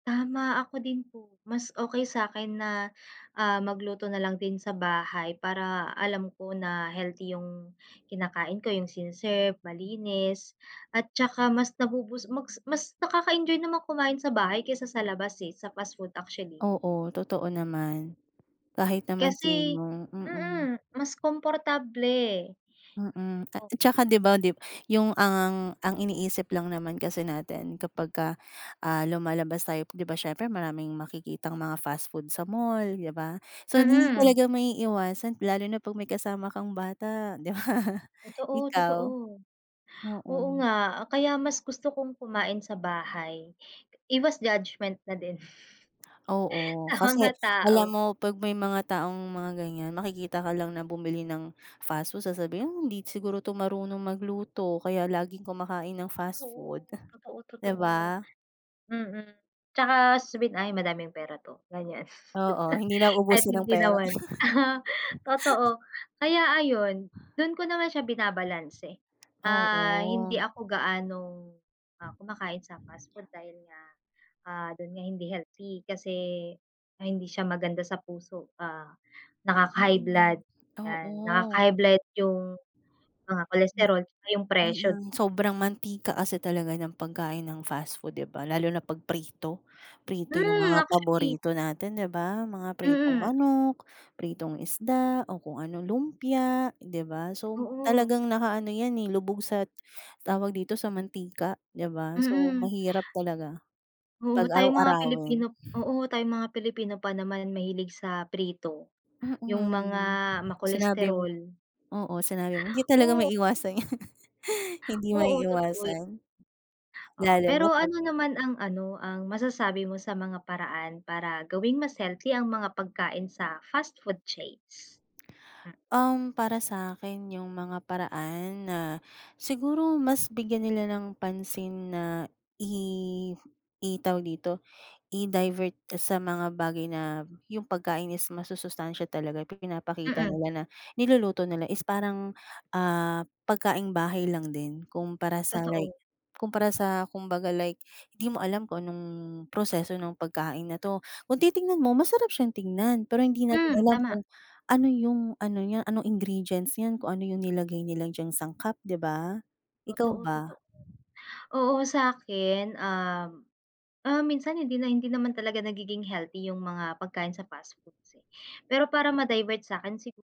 Tama, ako din po, mas okey sa akin na, ah, magluto na lang din sa bahay para alam ko na healthy yung kinakain ko, yung sine-serve, malinis, at tsaka mas nabo-boost, mas mas nakaka-enjoy naman kumain sa bahay kaysa sa labas, eh, sa fast food actually. Oo, totoo naman. Kahit naman Kasi, sino, mm. mm, mas komportable. Mm, ta tsaka 'di ba, dib yung ang, ang iniisip lang naman kasi natin kapag ka, ah, lumalabas tayo, 'di ba siyempre, maraming makikitang mga fast food sa mall, di ba, so, hindi Mm. talaga maiiwasan lalo na pag may kasama kang bata, di ba? Totoo, totoo, Ikaw? oo Mm. nga, kaya mas gusto kong kumain sa bahay, iwas judgment na din, Oo, sa kasi mga alam tao. mo pag may mga taong mga ganyan, makikita ka lang na bumili ng fast food sasabihin hindi siguro 'to marunong magluto kaya laging kumakain ng fast Oo, food, totoo, di totoo, ba? mm, tsaka swed ay, madaming pera 'to, ganyan. Oo, hindi na At uubusin ang hindi pera. naman, aha, totoo, kaya ayun, dun ko naman siya binabalanse. Ah, hindi Oo. ako gaanong, ah, kumakain sa fast food dahil nga, ah, dun nga hindi healthy kasi, ah, hindi siya maganda sa puso, ah, Mm nakaka-high nga, blood, yan, oo. nakaka-high blood yung mga cholesterol, tsaka yung presyo. Mm, sobrang mantika kasi talaga ng pagkain ng fast food, 'di ba, lalo na pag prito. Prito yung Hmm, mga actually. paborito natin, 'di ba? Mga pritong Mm. manok, pritong isda, o kung ano, lumpia 'di ba? So Oo. talagang nakaano ’yan, eh, lubog sa tawag dito, sa mantika, ’di ba? So, Mm. mahirap talaga Oo, pag tayong mga araw-arawin. Pilipino, oo, tayong mga Pilipino pa naman mahilig sa prito, yung mga Mm, sinabi mo, ma-cholesterol. oo, sinabi mo, hindi talaga Oh. maiiwasan ’yan. Hindi Oo, totoo yun. maiiwasan. Oo, Lalo pero na pag ano naman ang ano, ang masasabi mo sa mga paraan para gawing mas healthy ang mga pagkain sa fast food chains? Um, para sakin yung mga paraan na siguro mas bigyan nila ng pansin na i i tawag dito, i-divert sa mga bagay na yung pagkain is masusustansiya talaga, pinapakita Mm. nila na niluluto nila is parang, ah, pagkaing bahay lang din. Kumpara, sa Totoo. like, kumpara sa kumbaga, like di mo alam kung anong proseso ng pagkain na 'to, kung titingnan mo, masarap siyang tignan, pero hindi natin Hmm, alam tama. kung ano yung, ano niya, ano ingredients niyan, kung ano yung nilagay nila diyang sangkap, 'di ba, ikaw Totoo, totoo, ba? oo, sa akin, um, um, minsan hindi na, hindi naman talaga nagiging healthy yung mga pagkain sa fast foods, eh, pero para ma-divert sa akin siguro